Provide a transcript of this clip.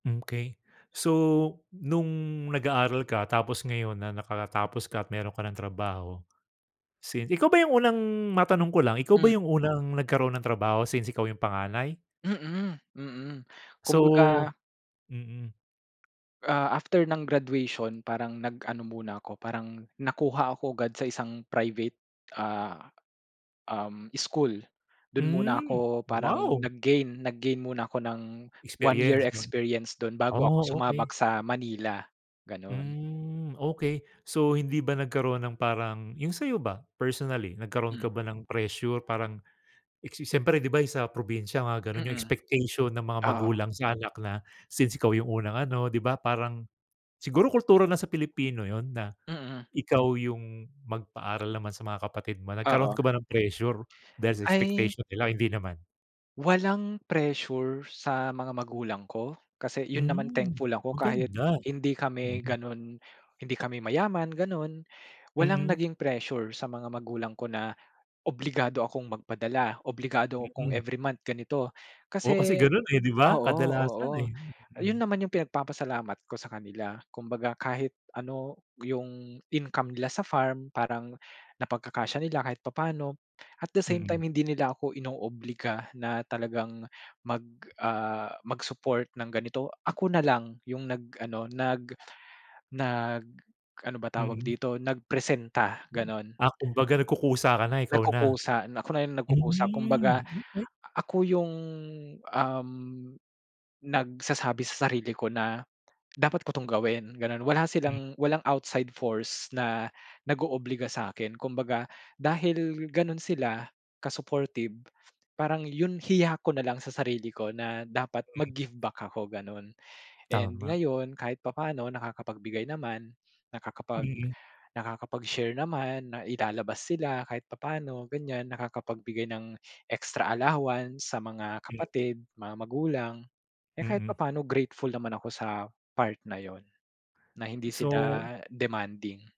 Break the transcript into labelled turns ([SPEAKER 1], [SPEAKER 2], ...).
[SPEAKER 1] Mm, okey. So, nung nag-aaral ka tapos ngayon na nakatapos ka at meron ka ng trabaho since ikaw ba yung unang matanong ko lang, ikaw ba
[SPEAKER 2] Mm.
[SPEAKER 1] yung unang nagkaroon ng trabaho, since ikaw yung panganay?
[SPEAKER 2] Mhm, mhm.
[SPEAKER 1] So
[SPEAKER 2] Kumbaga
[SPEAKER 1] mhm.
[SPEAKER 2] ah, after ng graduation parang nag ano muna ako, parang nakuha ako agad sa isang private ah um, school. Dun muna
[SPEAKER 1] Mm,
[SPEAKER 2] ako parang
[SPEAKER 1] wow!
[SPEAKER 2] nag-gain nag-gain muna ako ng 1 year
[SPEAKER 1] Experience no?
[SPEAKER 2] experience dun bago ako
[SPEAKER 1] Oh, okey.
[SPEAKER 2] sumabak sa Manila, ganun.
[SPEAKER 1] Mm, okey. So hindi ba nagkaroon ng parang yung sayo ba? Personally, nagkaroon
[SPEAKER 2] Mm.
[SPEAKER 1] ka ba ng pressure parang siyempre di ba sa probinsya nga ganun yung
[SPEAKER 2] Mhm
[SPEAKER 1] expectation ng mga
[SPEAKER 2] Oo.
[SPEAKER 1] magulang sa anak na, since ikaw yung unang ano di ba parang siguro kultura na sa Pilipino yun na,
[SPEAKER 2] Mhm.
[SPEAKER 1] ikaw yung magpaaral naman sa mga kapatid mo. Nagkaroon ka
[SPEAKER 2] Oo.
[SPEAKER 1] ba ng pressure dahil sa
[SPEAKER 2] Ay
[SPEAKER 1] expectation nila o hindi naman?
[SPEAKER 2] Walang pressure sa mga magulang ko? Kasi yun naman
[SPEAKER 1] Mm,
[SPEAKER 2] thankful ako kahit
[SPEAKER 1] maganda.
[SPEAKER 2] hindi kami ganon hindi kami mayaman ganon. Walang
[SPEAKER 1] Mhm.
[SPEAKER 2] naging pressure sa mga magulang ko na obligado akong magpadala, obligado akong
[SPEAKER 1] Mhm.
[SPEAKER 2] every month ganito
[SPEAKER 1] Oo, kasi
[SPEAKER 2] kasi
[SPEAKER 1] ganun eh, di ba?
[SPEAKER 2] oo,
[SPEAKER 1] Kadalasan
[SPEAKER 2] oo.
[SPEAKER 1] eh.
[SPEAKER 2] Yun naman yung pinagpapasalamat ko sa kanila, kumbaga kahit ano yung income nila sa farm parang napagkakasya nila kahit papaano. At the same
[SPEAKER 1] Mhm.
[SPEAKER 2] time hindi nila ako inoobliga na talagang mag ah mag-support ng ganito, ako na lang yung nag-ano, nag nag ano ba tawag
[SPEAKER 1] Mhm.
[SPEAKER 2] dito, nagpresenta ganon.
[SPEAKER 1] Ah, kumbaga nagkukusa ka na, ikaw na.
[SPEAKER 2] Nagkukusa na ako na yung nagkukusa. Kumbaga,
[SPEAKER 1] Mm, okey.
[SPEAKER 2] ako yung um, nagsasabi sa sarili ko na, "Dapat ko 'tong gawin" ganon, wala
[SPEAKER 1] Mm.
[SPEAKER 2] silang walang outside force na nag-oobliga sa'kin, kumbaga dahil ganun sila ka-supportive, parang yun hiya ko nalang sa sarili ko na dapat
[SPEAKER 1] Okey.
[SPEAKER 2] mag-give back ako ganon. And
[SPEAKER 1] Tama.
[SPEAKER 2] ngayon kahit papaano nakakapagbigay naman, nakakapag
[SPEAKER 1] Mhm.
[SPEAKER 2] nakakapag share naman, na ilalabas sila kahit papaano ganyan nakakapagbigay ng extra allowance sa mga
[SPEAKER 1] Mm.
[SPEAKER 2] kapatid, mga magulang, eh kahit
[SPEAKER 1] Mhm.
[SPEAKER 2] papaano grateful naman ako sa part na yun, na hindi
[SPEAKER 1] So
[SPEAKER 2] sila demanding.